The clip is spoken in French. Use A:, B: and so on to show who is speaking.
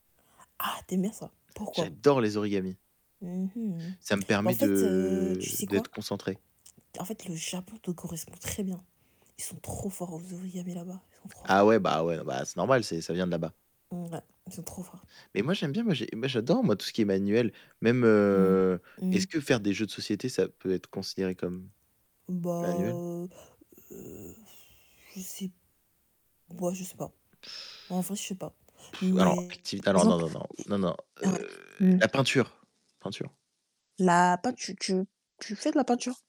A: Ah, tu aimes bien ça. Pourquoi?
B: J'adore les origamis!
A: Mmh, mmh, beh,
B: Ça me
A: en
B: permet
A: fait, heu,
B: de
A: tu sais
B: d'être
A: quoi?
B: concentré.
A: En fait, le Japon te correspond très bien. Ils sont trop forts aux origamis, là-bas, ils sont trop
B: Ah
A: forts.
B: ouais, bah ouais, bah, c'est normal, c'est ça vient de là-bas.
A: Mmh, ouais, ils sont trop forts.
B: Mais moi j'aime bien, moi j'ai moi j'adore, moi, tout ce qui est manuel, même,
A: Mmh.
B: heu, est-ce
A: Mmh.
B: que faire des jeux de société, ça peut être considéré comme
A: Bah,
B: manuel?
A: heu heu, je sais bah, je sais pas. En vrai, je sais pas,
B: Pff, alors,
A: mais
B: activité, alors non,
A: exemple?
B: non, non, non, non,
A: Mmh, ouais,
B: heu,
A: mmh.
B: la peinture peinture.
A: La peintu tu tu fais de la peinture?